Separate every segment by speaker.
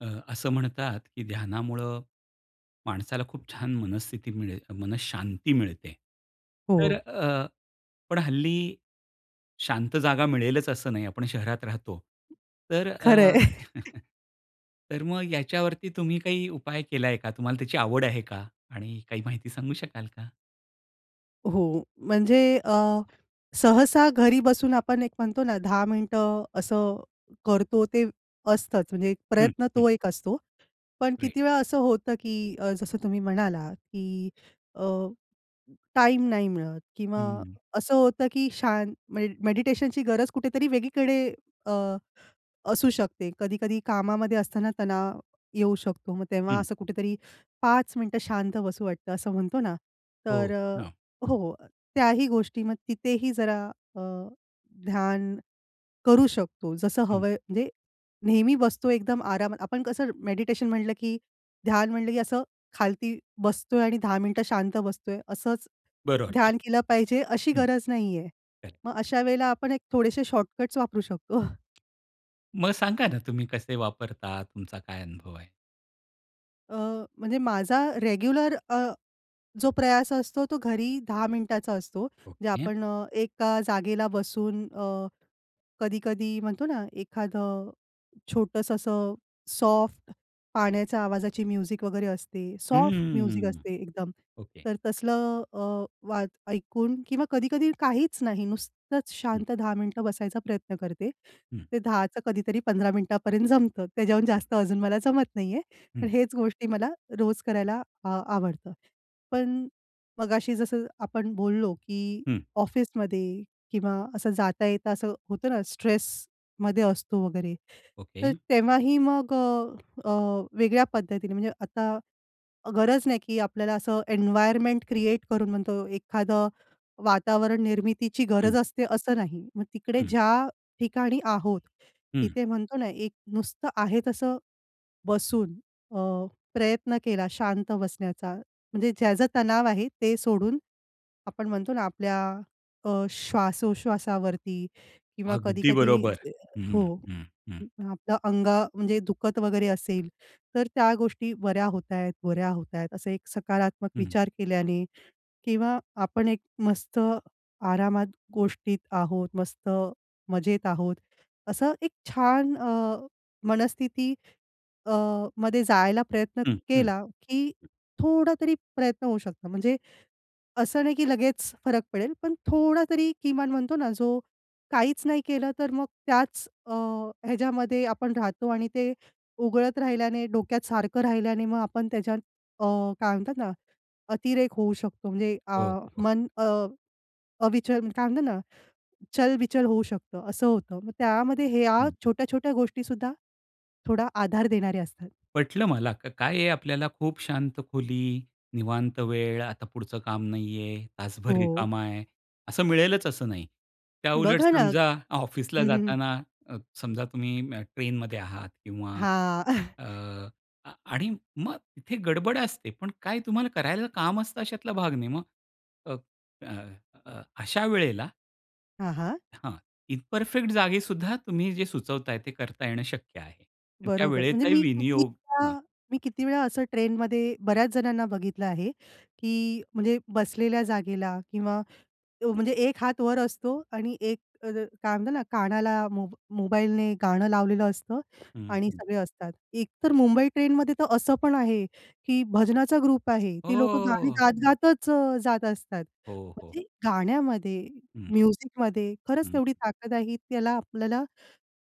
Speaker 1: अ, असं म्हणतात, की ध्यानामुळं माणसाला खूप छान मनस्थिती मिळेल मनःशांती मिळते. तर
Speaker 2: हो.
Speaker 1: अ, पण हल्ली, शांत जागा मिळेलच असं नाही आपण शहरात राहतो. तर
Speaker 2: खरं आहे.
Speaker 1: अ, तर मग याच्यावरती तुम्ही काही उपाय केलाय का? तुम्हाला त्याची आवड आहे का? आणि काही माहिती सांगू शकाल का?
Speaker 2: हो. म्हणजे अ, सहसा घरी बसून आपण एक म्हणतो ना, 10 मिनिटं असं करतो, ते असतंच. म्हणजे एक
Speaker 1: हं.
Speaker 2: प्रयत्न
Speaker 1: हं.
Speaker 2: तो एक असतो. पण
Speaker 1: राईट.
Speaker 2: किती वेळा असं होतं की अ, जसं तुम्ही म्हणालात, की अ, टाईम नाही मिळत किंवा
Speaker 1: हम्म.
Speaker 2: असं होतं की शान मे मेडिटेशनची गरज कुठेतरी वेगळीकडे अ, असू शकते. कधी-कधी कामामध्ये असताना तणाव येऊ शकतो, मग तेव्हा
Speaker 1: हं.
Speaker 2: असं कुठेतरी 5 मिनिटं शांत बसू वाटतं, असं म्हणतो ना, तर
Speaker 1: हो
Speaker 2: अ,
Speaker 1: ना.
Speaker 2: हो, अ, त्याही गोष्टी मग तिथेही जरा अ, ध्यान करू शकतो, जसं
Speaker 1: हं.
Speaker 2: हवंय म्हणजे नेहमी बसतो एकदम आरामात आपण कसं मेडिटेशन म्हटलं की ध्यान म्हटलं की असं खालती बसतोय आणि 10 मिनिटं शांत बसतोय, असंच
Speaker 1: बरं वाटतंय.
Speaker 2: ध्यान केलं पाहिजे अशी
Speaker 1: हं.
Speaker 2: गरज नाही आहे.
Speaker 1: बरं.
Speaker 2: मग अशा वेळेला आपण एक थोडेसे शॉर्टकट वापरू शकतो.
Speaker 1: मग सांगा ना, तुम्ही कसे वापरता तुमचा काय अनुभव आहे?
Speaker 2: अ, म्हणजे माझा रेग्युलर अ, जो प्रयास असतो तो घरी 10 मिनिटाचा असतो जे
Speaker 1: ओके.
Speaker 2: आपण अ, एका जागेला बसून अ, कधी-कधी म्हणतो ना एखादं छोटंसं असं सॉफ्ट पाण्याच्या आवाजाची म्युझिक वगैरे असते सॉफ्ट म्युझिक
Speaker 1: हम्म.
Speaker 2: असते एकदम.
Speaker 1: ओके.
Speaker 2: तर तसलं अ, वाच ऐकून किंवा कधी-कधी काहीच नाही, नुसतंच शांत 10 मिनिटं बसायचा प्रयत्न करते.
Speaker 1: हं.
Speaker 2: ते 10 चं कधीतरी 15 मिनिटापर्यं जमतं त्याहून जास्त अजून मला जमत नाही आहे.
Speaker 1: हं.
Speaker 2: पण हेच गोष्टी मला रोज करायला आ आवडतं. पण मगाशी जसं आपण बोललो, की
Speaker 1: हं.
Speaker 2: ऑफिसमध्ये किंवा असं जाता-येता असं होतं ना स्ट्रेसमध्ये असतो वगैरे तर
Speaker 1: ओके.
Speaker 2: तेव्हाही मग अ, अ, वेगळ्या पद्धतीने म्हणजे आता गरज नाही, की आपल्याला असं एन्वायरमेंट क्रिएट करून म्हणतो एखादं वातावरण निर्मितीची
Speaker 1: हं.
Speaker 2: गरज असते, असं नाही. मग तिकडे
Speaker 1: हं.
Speaker 2: ज्या ठिकाणी आहोत
Speaker 1: हं.
Speaker 2: तिथे म्हणतो ना एक नुसतं आहे तसं बसून अ, प्रयत्न केला शांत बसण्याचा म्हणजे ज्याचा तणाव आहे ते सोडून. आपण म्हणतो ना आपल्या अ, श्वासोश्वासावरती किंवा
Speaker 1: अगदी
Speaker 2: कधी-कधी
Speaker 1: बरोबर. हं.
Speaker 2: हो.
Speaker 1: हं. हं.
Speaker 2: आपलं अंग म्हणजे दुखत वगैरे असेल तर त्या गोष्टी बऱ्या होत आहेत, बऱ्या होत आहेत. असं एक सकारात्मक
Speaker 1: हं.
Speaker 2: विचार केल्याने किंवा आपण एक मस्त आरामात गोष्टीत आहोत मस्त मजेत आहोत. असं एक छान अ, मनस्थिती अ, मध्ये जायला प्रयत्न
Speaker 1: हं. हं.
Speaker 2: केला की थोडा तरी प्रयत्न होऊ शकतो. म्हणजे असं नाही, की लगेच फरक पडेल पण थोडा तरी किमान म्हणतो ना जो काहीच नाही केलं तर मग त्याच अ, ह्याच्यामध्ये आपण राहतो आणि ते उगळत राहिल्याने डोक्यात सारखं राहिल्याने मग आपण त्याच्यात अ, काय म्हणतात ना अतिरेक होऊ शकतो. म्हणजे अ,
Speaker 1: हो. हो.
Speaker 2: मन अविचल काय म्हणतात ना चल-बिचल होऊ शकतं. असं होतं मग त्यामध्ये ह्या
Speaker 1: हं.
Speaker 2: छोट्या-छोट्या गोष्टीसुद्धा थोडा आधार देणारे असतात.
Speaker 1: पटलं मला. का काय आहे आपल्याला खूप शांत खोली, निवांत वेळ आता पुढचं काम नाहीये, तासभर
Speaker 2: हो.
Speaker 1: रिकामा आहे असं मिळेलच असं नाही. त्याउलट
Speaker 2: बघा ना,
Speaker 1: समजा ऑफिसला
Speaker 2: हं, हं.
Speaker 1: जाताना अ, समजा तुम्ही ट्रेनमध्ये आहात किंवा
Speaker 2: हां.
Speaker 1: अ, आणि मग इथे गडबड असते पण काय तुम्हाला करायला काम असतं अशातला भाग नाही मग अ, अ, अशा वेळेला
Speaker 2: हां, हां.
Speaker 1: हां. इ परफेक्ट जागी सुद्धा तुम्ही जे सुचवताय, ते करता येणं शक्य आहे अन् त्या
Speaker 2: बरोबर. म्हणजे
Speaker 1: वेळेचा
Speaker 2: मी किती
Speaker 1: विनियोग हां.
Speaker 2: वेळा मी किती वेळा असं ट्रेनमध्ये बऱ्याच जणांना बघितलं आहे, की म्हणजे बसलेल्या जागेला किंवा अ, म्हणजे एक हात वर असतो आणि एक अ, काय म्हणतात ना, कानाला मो मोबाईलने गाणं लावलेलं असतं
Speaker 1: हं,
Speaker 2: आणि
Speaker 1: हं.
Speaker 2: सगळे असतात. एक तर मुंबई ट्रेनमध्ये तर असं पण आहे, की भजनाचा ग्रुप आहे.
Speaker 1: हो,
Speaker 2: ती लोकं
Speaker 1: हो,
Speaker 2: गाणी
Speaker 1: हो.
Speaker 2: गात गातच अ, जात असतात.
Speaker 1: हो, हो.
Speaker 2: म्हणजे गाण्यामध्ये
Speaker 1: हं.
Speaker 2: म्युझिक मध्ये खरंच
Speaker 1: हं.
Speaker 2: तेवढी ताकद आहे, ही त्याला आपल्याला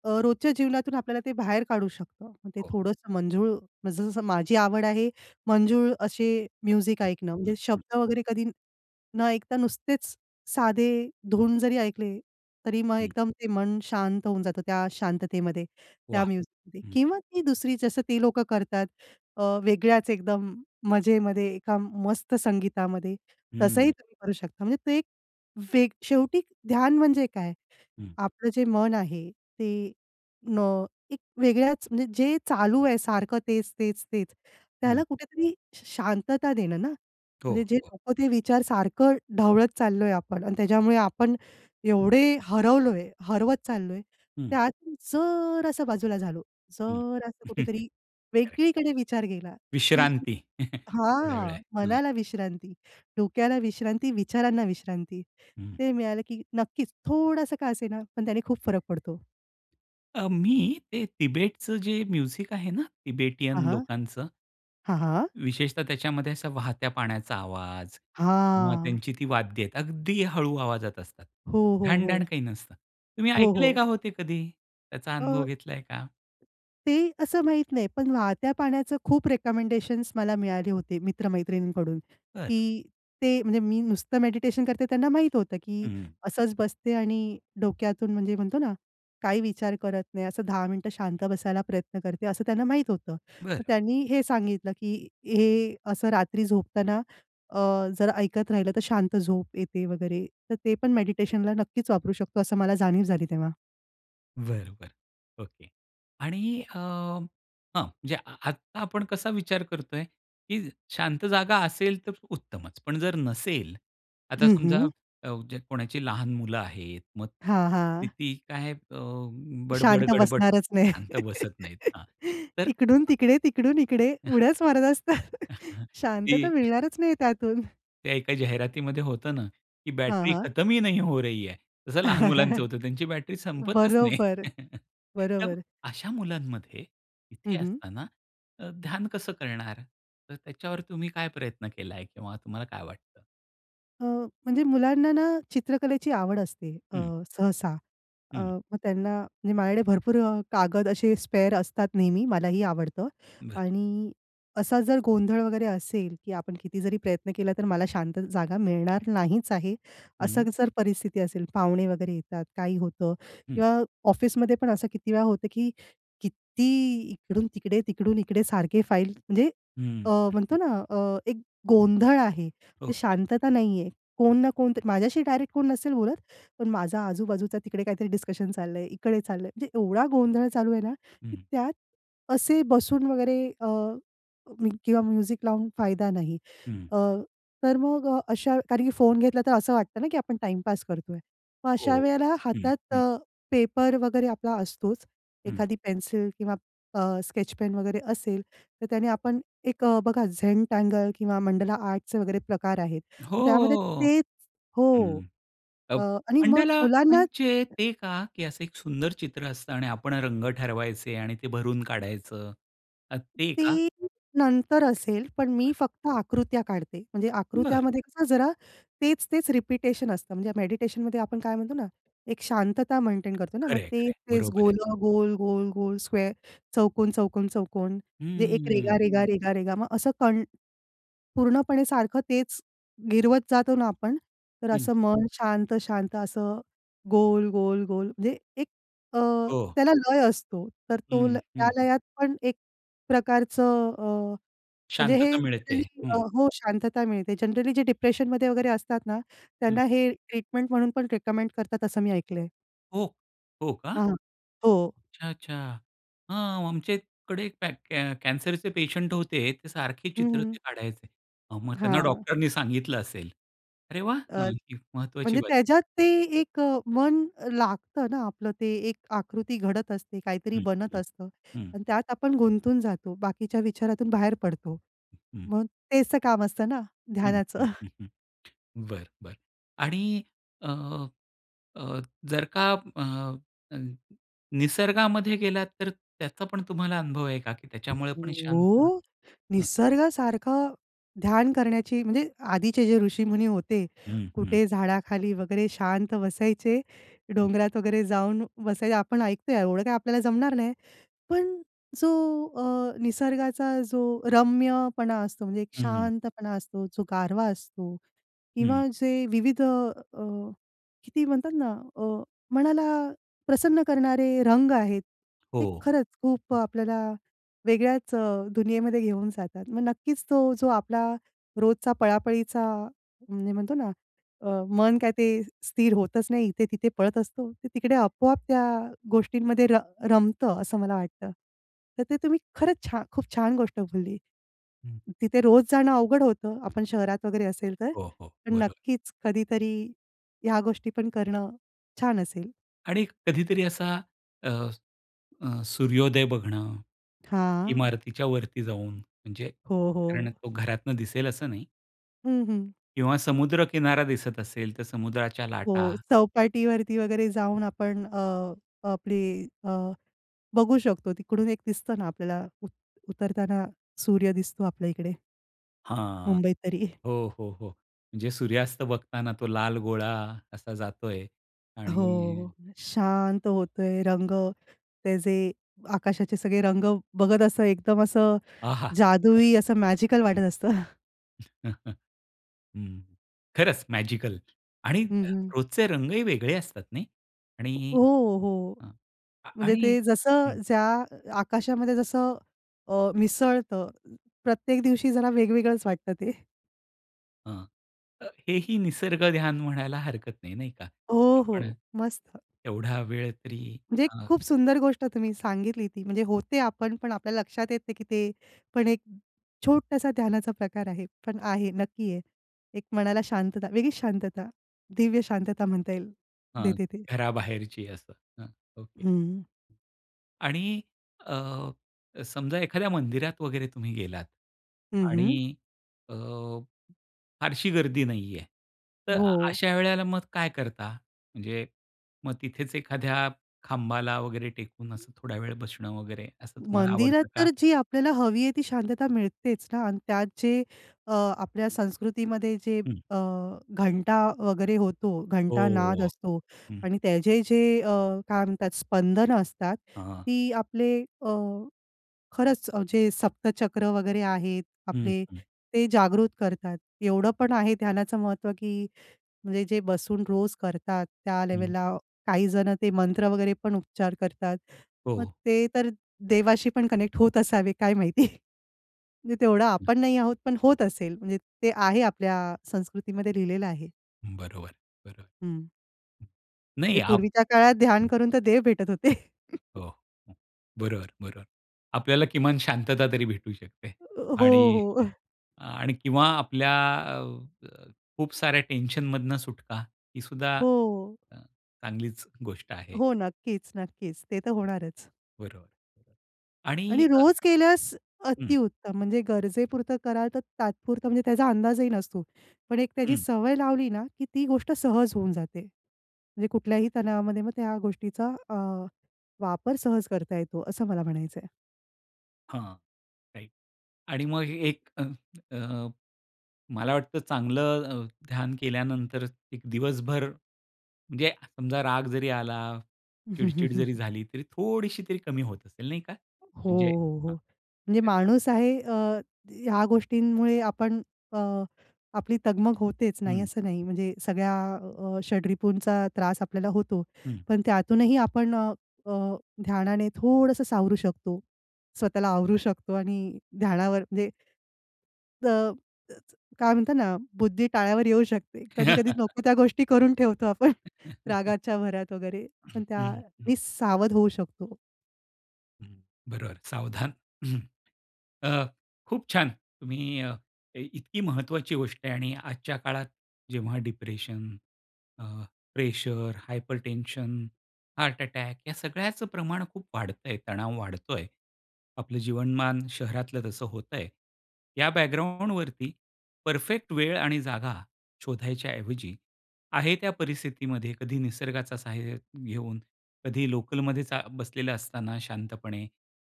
Speaker 2: अ, रोजच्या जीवनातून आपल्याला ते बाहेर काढू शकतं. मग ते
Speaker 1: हो.
Speaker 2: थोडंसं मंजुळ जसं-जसं माझी आवड आहे. मंजुळ अशे म्युझिक
Speaker 1: हं,
Speaker 2: ऐकणं.
Speaker 1: हं,
Speaker 2: म्हणजे
Speaker 1: हं.
Speaker 2: शब्द वगैरे कधी न ऐकता नुसतेच साधे धुंद जरी ऐकले, तरी मग
Speaker 1: हं.
Speaker 2: एकदम ते मन शांत होऊन जातं, त्या शांततेमध्ये. त्या
Speaker 1: वाह!
Speaker 2: म्युझिक मध्ये
Speaker 1: हं.
Speaker 2: किंवा ती दुसरी जसं ते लोकं करतात अ, वेगळ्याच एकदम मजेमध्ये एका मस्त संगीतामध्ये, तसंही
Speaker 1: हं.
Speaker 2: तुम्ही करू शकता. म्हणजे ते एक वेग शेवटी ध्यान म्हणजे काय?
Speaker 1: हं.
Speaker 2: आपलं जे मन आहे ते अं, एक वेगळ्याच, म्हणजे जे चालू आहे सारखं तेच-तेच-तेच. त्याला
Speaker 1: हं.
Speaker 2: कुठेतरी श शांतता देणं ना,
Speaker 1: हो,
Speaker 2: म्हणजे जे
Speaker 1: हो.
Speaker 2: लोकं ते विचार सारखं ढवळत चाललोय आपण अन् त्याच्यामुळे आपण एवढे हरवलोय, हरवत चाललोय.
Speaker 1: हं.
Speaker 2: त्यात जरांसा बाजूला झालो.
Speaker 1: हं.
Speaker 2: जरंसा कुठेतरी
Speaker 1: करेक्ट,
Speaker 2: वेगळीकडे विचार गेला, की
Speaker 1: विश्रांती. थोड्या वेळा
Speaker 2: हां.
Speaker 1: हां.
Speaker 2: मनाला विश्रांती, डोक्याला विश्रांती, विचारांना विश्रांती.
Speaker 1: हं.
Speaker 2: ते मिळालं, की नक्कीच थोडंसं का असेना, पण त्याने खूप फरक पडतो.
Speaker 1: अ, मी ते तिबेटच जे म्युझिक आहे ना, तिबेटियन
Speaker 2: हां, हां.
Speaker 1: लोकांचं.
Speaker 2: हां, हां.
Speaker 1: विशेषतः त्याच्यामध्ये असा वाहत्या पाण्याचा आवाज किंवा
Speaker 2: हां.
Speaker 1: त्यांची ती वाद्य आहेत, अगदी हळू आवाजात असतात.
Speaker 2: हो, हो.
Speaker 1: ढणढण
Speaker 2: हो.
Speaker 1: काही नसतं. तुम्ही
Speaker 2: हो,
Speaker 1: ऐकलंय
Speaker 2: हो.
Speaker 1: का हो ते कधी? त्याचा अनुभव
Speaker 2: अ,
Speaker 1: घेतलाय का?
Speaker 2: ते असं माहीत नाही. पण वाहत्या पाण्याचं खूप रिकमेंडेशन्स मला मिळाले होते मित्र-मैत्रिणींकडून,
Speaker 1: बरं.
Speaker 2: की ते म्हणजे मी नुसतं मेडिटेशन करते त्यांना माहीत होतं की
Speaker 1: हं, हं.
Speaker 2: असंच बसते आणि डोक्यातून म्हणजे म्हणतो ना, काही विचार करत नाही, असं 10 मिनिटं शांत बसायला प्रयत्न करते असं त्यांना माहीत होतं.
Speaker 1: बरं.
Speaker 2: मग त्यांनी हे सांगितलं की हे असं रात्री झोपताना अ, जर ऐकत राहिलं तर शांत झोप येते वगैरे. तर ते पण मेडिटेशनला नक्कीच वापरू शकतो असं मला जाणीव झाली तेव्हा.
Speaker 1: बरं, बरं ओके. आणि अ, हं. म्हणजे आत्ता आपण कसा विचार करतोय की शांत जागा असेल तर उत्तमचं. पण जर नसेल, आता
Speaker 2: हं,
Speaker 1: समजा
Speaker 2: हं.
Speaker 1: कोणाची लहान मुलं आहेत मग
Speaker 2: हां, हां.
Speaker 1: किती काय अ,
Speaker 2: शांत
Speaker 1: बडबड-गडबड
Speaker 2: बसणारच नाही.
Speaker 1: शांत बसत नाहीत. हां. तर
Speaker 2: इकडून-तिकडे, तिकडून-इकडे उड्याच मारत असता,
Speaker 1: की
Speaker 2: शांतता मिळणारच नाही त्यातून.
Speaker 1: त्या एका जाहिरातीमध्ये होतं ना, की
Speaker 2: हां,
Speaker 1: बॅटरी
Speaker 2: हां.
Speaker 1: खतम ही नहीं हो रही है. तसं लहान मुलांचं होतं त्यांची बॅटरी संपतच नाही.
Speaker 2: बरोबर,
Speaker 1: तर
Speaker 2: बरोबर.
Speaker 1: अशा मुलांमध्ये
Speaker 2: हं,
Speaker 1: इथे
Speaker 2: हं.
Speaker 1: असताना अ, ध्यान कसं करणार? तर त्याच्यावर तुम्ही काय प्रयत्न केला आहे? किंवा तुम्हाला काय वाटतं?
Speaker 2: अ, म्हणजे मुलांना ना, चित्रकलेची आवड असते अ,
Speaker 1: हं.
Speaker 2: सहसा. अ,
Speaker 1: हं.
Speaker 2: मग त्यांना म्हणजे माझ्याकडे भरपूर अ, कागद असे स्पेअर असतात नेहमी मलाही आवडतं
Speaker 1: बरं.
Speaker 2: आणि असा जर गोंधळ वगैरे असेल की आपण किती जरी प्रयत्न केला तर मला शांत जागा मिळणार नाहीच आहे. असं
Speaker 1: हं.
Speaker 2: जर परिस्थिती असेल पाहुणे वगैरे येतात, काही होतं
Speaker 1: हं.
Speaker 2: किंवा ऑफिसमध्ये पण असं किती वेळा होतं, की किती इकडून-तिकडे, तिकडून-इकडे सारखे फाईल म्हणजे
Speaker 1: हं,
Speaker 2: अ,
Speaker 1: हं, हं.
Speaker 2: म्हणतो ना अ, एक गोंधळ आहे ते
Speaker 1: ओके.
Speaker 2: शांतता नाही आहे, कोण ना कोण तर माझ्याशी डायरेक्ट कोण नसेल बोलत पण माझा आजूबाजूचा तिकडे काहीतरी डिस्कशन चाललं आहे, इकडे चाललंय. म्हणजे एवढा गोंधळ चालू आहे ना, की
Speaker 1: हं.
Speaker 2: त्यात असे बसून वगैरे अ, किंवा म्युझिक लावून फायदा नाही
Speaker 1: हं.
Speaker 2: अ, तर मग अ, अशा कारण की फोन घेतला तर असं वाटतं ना, की आपण टाईम पास करतोय. मग अशा
Speaker 1: हो,
Speaker 2: वेळेला
Speaker 1: हं,
Speaker 2: हातात
Speaker 1: हं.
Speaker 2: अ, पेपर वगैरे आपला असतोच,
Speaker 1: हं.
Speaker 2: एखादी पेन्सिल किंवा अ, स्केच पेन वगैरे असेल तर त्याने आपण एक बघा झेंटँगल किंवा मंडला आर्ट चे वगैरे प्रकार आहेत. मग त्यामध्ये
Speaker 1: हो,
Speaker 2: तेच हो,
Speaker 1: हं,
Speaker 2: अ,
Speaker 1: अब
Speaker 2: आणि मग
Speaker 1: मंडला
Speaker 2: मुलांना
Speaker 1: म्हणजे ते का की असं एक सुंदर चित्र असतं आणि आपण रंग ठरवायचे आणि ते भरून काढायचं अ, ते का?
Speaker 2: ते नंतर असेल पण मी
Speaker 1: बरं.
Speaker 2: फक्त आकृत्या काढते. म्हणजे
Speaker 1: बरं.
Speaker 2: आकृत्यामध्ये कसं जरा तेच-तेच रपिटेशन असतं म्हणजे मेडिटेशनमध्ये आपण काय म्हणतो ना, एक शांतता मेंटेन करतो ना, मग
Speaker 1: खरं आहे, खरं आहे.
Speaker 2: तेच-तेच
Speaker 1: बरोबर आहे.
Speaker 2: गोल-गोल, गोल-गोल स्क्वेअर चौकून-चौकन-चौकोन, जे एक
Speaker 1: हं.
Speaker 2: रेघा-रेघा, रेघा-रेघा. मग असं कण पूर्णपणे सारखं तेच गिरवत जातो ना आपण तर
Speaker 1: हं.
Speaker 2: असं मन शांत-शांत असं गोल-गोल-गोल म्हणजे एक अ,
Speaker 1: हो.
Speaker 2: त्याला लय असतो. तर तो ल
Speaker 1: हं,
Speaker 2: त्या
Speaker 1: हं.
Speaker 2: लयात पण एक प्रकारचं अ, म्हणजे हे
Speaker 1: शांतता मिळते आहे,
Speaker 2: जनरली
Speaker 1: हं.
Speaker 2: हो, शांतता मिळते. जनरली जे डिप्रेशन मध्ये वगैरे असतात ना,
Speaker 1: हं.
Speaker 2: त्यांना हे ट्रीटमेंट म्हणून पण रिकमेंड करतात असं मी ऐकलं आहे.
Speaker 1: हो, हो का?
Speaker 2: हां, हो.
Speaker 1: अच्छा! अच्छा! हां, आमच्याकडे कॅ कॅ कॅन्सरचे पेशंट होते ते सारखे
Speaker 2: हं,
Speaker 1: चित्र ते
Speaker 2: हं.
Speaker 1: काढायचे. हां, मग त्यांना
Speaker 2: हां.
Speaker 1: डॉक्टर नी सांगितलं असेल. अरे वाह!
Speaker 2: अ,
Speaker 1: हं, ही महत्वाची
Speaker 2: म्हणजे
Speaker 1: बातमी.
Speaker 2: त्याच्यात ते एक अ, मन लागतं ना आपलं ते एक आकृती घडत असते, काहीतरी
Speaker 1: हं,
Speaker 2: बनत
Speaker 1: हं,
Speaker 2: असतं
Speaker 1: हं.
Speaker 2: आणि त्यात आपण गुंतून जातो, बाकीच्या विचारातून बाहेर पडतो.
Speaker 1: हं.
Speaker 2: मग तेच काम असतं ना
Speaker 1: हं,
Speaker 2: ध्यानाचं.
Speaker 1: हं, हं, हं. बरं, बरं आणि अ, अ, जर का अ, अ, निसर्गामध्ये गेलात तर त्याचा पण तुम्हाला अनुभव आहे का त्याच्यामुळे पण शांत
Speaker 2: हो,
Speaker 1: हं.
Speaker 2: निसर्गासारखं ध्यान करण्याची म्हणजे आधीचे जे ऋषीमुनी होते,
Speaker 1: हं, हं.
Speaker 2: कुठे झाडाखाली वगैरे शांत बसायचे.
Speaker 1: हं.
Speaker 2: डोंगरात वगैरे जाऊन बसायचं. आपण ऐकतोय एवढं काही आपल्याला जमणार नाही. पण जो अ, निसर्गाचा जो रम्यपणा असतो म्हणजे एक
Speaker 1: हं.
Speaker 2: शांतपणा असतो, जो गारवा असतो
Speaker 1: हं.
Speaker 2: किंवा जे विविध अ, किती म्हणतात ना अ, मनाला प्रसन्न करणारे रंग आहेत.
Speaker 1: हो,
Speaker 2: ते खरंच खूप
Speaker 1: हं.
Speaker 2: आपल्याला वेगळ्याच अ, दुनियेमध्ये घेऊन जातात. मग नक्कीच तो जो आपला रोजचा पळापळीचा म्हणजे म्हणतो ना, अ, मन काय ते स्थिर होतच नाही इथे-तिथे पळत असतो ते तिकडे आपोआप त्या गोष्टींमध्ये र रमतं असं मला वाटतं. तर ते तुम्ही खरंच छान खूप छान गोष्ट बोलली.
Speaker 1: हं.
Speaker 2: तिथे रोज जाणं अवघड होतं आपण शहरात वगैरे असेल तर
Speaker 1: हो, हो,
Speaker 2: पण
Speaker 1: बरोबर.
Speaker 2: नक्कीच कधीतरी ह्या गोष्टी पण करणं छान असेल.
Speaker 1: आणि कधीतरी असा अ, अ, सूर्योदय बघणं,
Speaker 2: हां.
Speaker 1: इमारतीच्या वरती जाऊन, म्हणजे
Speaker 2: हो,
Speaker 1: कारण
Speaker 2: हो.
Speaker 1: तो घरातून दिसेल असं नाही.
Speaker 2: हं, हं.
Speaker 1: किंवा समुद्र किनारा दिसत असेल, तर समुद्राच्या लाटा.
Speaker 2: हो, चौपाटीवरती वगैरे जाऊन आपण, अ, आपली अ, बघू शकतो तिकडून एक दिसतं ना, आपल्याला उत उतरताना सूर्य दिसतो आपल्या इकडे.
Speaker 1: हां,
Speaker 2: मुंबईत तरी.
Speaker 1: हो, हो, हो. म्हणजे सूर्यास्त बघताना तो लाल गोळा असा जातोय आणि
Speaker 2: हो, शांत होतोय रंग, ते जे आकाशाचे सगळे रंग बघत असतं, एकदम असं,
Speaker 1: आहा!
Speaker 2: जादुई असं मॅजिकल वाटत
Speaker 1: वाह!
Speaker 2: असतं.
Speaker 1: हं, खरंच मॅजिकल आणि
Speaker 2: हं, हं.
Speaker 1: रोजचे रंगही वेगळे असतात नाही? आणि
Speaker 2: हो, हो.
Speaker 1: हं अ,
Speaker 2: म्हणजे
Speaker 1: आणि
Speaker 2: ते जसं
Speaker 1: हं.
Speaker 2: ज्या आकाशामध्ये जसं अ, मिसळतं, प्रत्येक दिवशी जरा वेगवेगळंच वाटतं ते.
Speaker 1: हं, अ, हे ही निसर्ग ध्यान म्हणायला हरकत नाही. नाही का,
Speaker 2: हो, हो,
Speaker 1: आपण
Speaker 2: मस्त.
Speaker 1: एवढा वेळ तरी
Speaker 2: म्हणजे एक
Speaker 1: अ
Speaker 2: खूप सुंदर गोष्ट तुम्ही सांगितली ती. म्हणजे होते आपण पण आपल्याला लक्षात येते नाही, की ते, पण एक छोटासा ध्यानाचा प्रकार आहे, पण आहे नक्की आहे. एक मनाला शांतता, वेगळीच शांतता दिव्य शांतता म्हणता येईल
Speaker 1: हां,
Speaker 2: देते ते.
Speaker 1: घराबाहेरची असं हं, ओके.
Speaker 2: हं.
Speaker 1: आणि अ, समजा एखाद्या मंदिरात वगैरे तुम्ही गेलात
Speaker 2: हं, हं.
Speaker 1: आणि अ, फारशी गर्दी नाही आहे, तर
Speaker 2: हो.
Speaker 1: अशा वेळेला मग काय करता? म्हणजे मग तिथेच एखाद्या खांबाला वगैरे टेकून असं थोडा वेळ बसणं वगैरे, असं तुम्हाला
Speaker 2: मंदिरात
Speaker 1: आवडतं का?
Speaker 2: तर जी आपल्याला हवी आहे ती शांतता मिळतेच ना अन् त्यात जे अ, आपल्या संस्कृतीमध्ये जे
Speaker 1: हं.
Speaker 2: अ, घंटा वगैरे होतो, घंटानाद
Speaker 1: हो,
Speaker 2: असतो
Speaker 1: हं.
Speaker 2: आणि त्याचे जे अ, काय म्हणतात अ, स्पंदनं असतात
Speaker 1: हां.
Speaker 2: ती आपले अ, खरंच जे सप्तचक्र वगैरे आहेत,
Speaker 1: हं,
Speaker 2: आपले
Speaker 1: हं.
Speaker 2: ते जागृत करतात. एवढं पण आहे ध्यानाचं महत्त्व, की म्हणजे जे बसून रोज करतात त्या
Speaker 1: हं.
Speaker 2: लेव्हलला काही जण ते मंत्र वगैरे पण उपचार करतात. मग
Speaker 1: हो.
Speaker 2: ते तर देवाशी पण कनेक्ट होत असावे काय माहिती. म्हणजे तेवढं
Speaker 1: हं.
Speaker 2: आपण नाही आहोत, पण होत असेल म्हणजे ते आहे आपल्या संस्कृतीमध्ये लिहिलेलं आहे.
Speaker 1: हं. बरोबर, बरोबर.
Speaker 2: हं.
Speaker 1: नाही
Speaker 2: ते
Speaker 1: आप
Speaker 2: पूर्वीच्या काळात ध्यान
Speaker 1: हं.
Speaker 2: करून तर देव भेटत होते.
Speaker 1: हो. बरोबर, बरोबर. आपल्याला किमान शांतता तरी भेटू शकते.
Speaker 2: अ, हो,
Speaker 1: आणि
Speaker 2: हो.
Speaker 1: हं. आणि किंवा आपल्या अ, खूप साऱ्या टेन्शन मधून सुटका, ही सुद्धा
Speaker 2: हो.
Speaker 1: अ, चांगलीच गोष्ट आहे.
Speaker 2: हो, नक्कीच, नक्कीच ते तर होणारच.
Speaker 1: बरोबर. आणि
Speaker 2: आणि
Speaker 1: [unintelligible]
Speaker 2: रोज केल्यास
Speaker 1: हं.
Speaker 2: अतिउत्तम म्हणजे गरजेपुरतं कराल तर तात्पुरतं म्हणजे त्याचा अंदाजही नसतो. पण एक त्याची
Speaker 1: हं.
Speaker 2: सवय लावली ना, की ती गोष्ट सहज होऊन जाते. म्हणजे कुठल्याही तणावामध्ये मग त्या गोष्टीचा अ, वापर सहज करता येतो, असं मला म्हणायचं आहे.
Speaker 1: हां. राईट आणि मग हे एक अ, अं, मला वाटतं चांगलं अ, ध्यान केल्यानंतर एक दिवसभर म्हणजे समजा राग जरी आला,
Speaker 2: हं, हं,
Speaker 1: चिडचिड
Speaker 2: हं.
Speaker 1: जरी झाली तरी थोडीशी तरी कमी होत असेल नाही का
Speaker 2: हो,
Speaker 1: म्हणजे
Speaker 2: हो, हो.
Speaker 1: हां.
Speaker 2: म्हणजे
Speaker 1: [unintelligible]
Speaker 2: माणूस आहे अ, ह्या गोष्टींमुळे आपण अ, आपली तगमग होतेच नाही
Speaker 1: हं.
Speaker 2: असं नाही
Speaker 1: हं.
Speaker 2: म्हणजे सगळ्या अ, षडरिपुंचा त्रास आपल्याला होतो.
Speaker 1: हं.
Speaker 2: पण त्यातूनही आपण अ, अ, ध्यानाने थोडंसं सावरू शकतो. स्वतःला आवरू शकतो. आणि ध्यानावर [unintelligible] अ, म्हणजे तर काय म्हणतात ना, बुद्धी टाळ्यावर येऊ शकते, कधी-कधी नको त्या गोष्टी करून ठेवतो आपण रागाच्या भरात वगैरे
Speaker 1: हं,
Speaker 2: पण
Speaker 1: हं, हं.
Speaker 2: त्यानी सावध होऊ शकतो.
Speaker 1: हं. बरोबर, सावधान. अ, खूप छान. तुम्ही अ, काही इतकी महत्त्वाची गोष्ट आहे आणि आजच्या काळात जेव्हा डिप्रेशन, अ, प्रेशर, हायपरटेन्शन, हार्ट अटॅक या सगळ्याच प्रमाण खूप वाढतंय, तणाव वाढतोय. आपलं जीवनमान शहरातलं तसं होत आहे. या बॅकग्राउंडवरती परफेक्ट वेळ आणि जागा शोधायच्या ऐवजी, आहे त्या परिस्थितीमध्ये कधी निसर्गाचा सहाय्य घेऊन कधी लोकलमध्ये चा बसलेला असताना शांतपणे,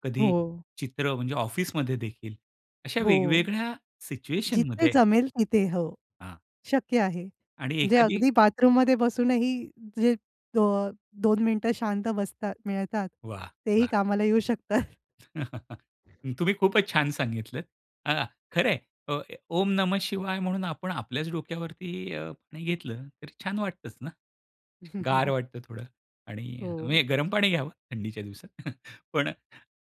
Speaker 1: कधी
Speaker 2: हो.
Speaker 1: चित्र म्हणजे ऑफिसमध्ये देखील अशा
Speaker 2: हो.
Speaker 1: वेगवेगळ्या
Speaker 2: जिथे
Speaker 1: सिच्युएशनमध्ये
Speaker 2: जमेल तिथे. हो.
Speaker 1: हां.
Speaker 2: शक्य आहे.
Speaker 1: आणि
Speaker 2: म्हणजे
Speaker 1: एखादी
Speaker 2: अगदी बाथरूममध्ये बसूनही जे अ, 2 मिनिटं शांत बसतात मिळतात.
Speaker 1: वाह!
Speaker 2: तेही
Speaker 1: वाह!
Speaker 2: कामाला येऊ शकतात.
Speaker 1: तुम्ही खूपच छान सांगितलं. अ, खरं आहे. ओ ओम नमः शिवाय म्हणून आपण आपल्याच डोक्यावरती अ, पाणी घेतलं, तर छान वाटतंच ना? गार वाटतं थोडं आणि अ, म्हणजे
Speaker 2: हो.
Speaker 1: गरम पाणी घ्यावं थंडीच्या दिवसात. पण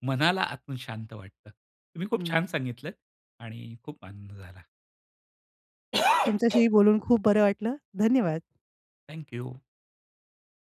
Speaker 1: मनाला आतून शांत वाटतं. तुम्ही खूप छान
Speaker 2: हं.
Speaker 1: सांगितलत आणि खूप आनंद झाला.
Speaker 2: तुमच्याशीही बोलून खूप बरं वाटलं. धन्यवाद.
Speaker 1: Thank you.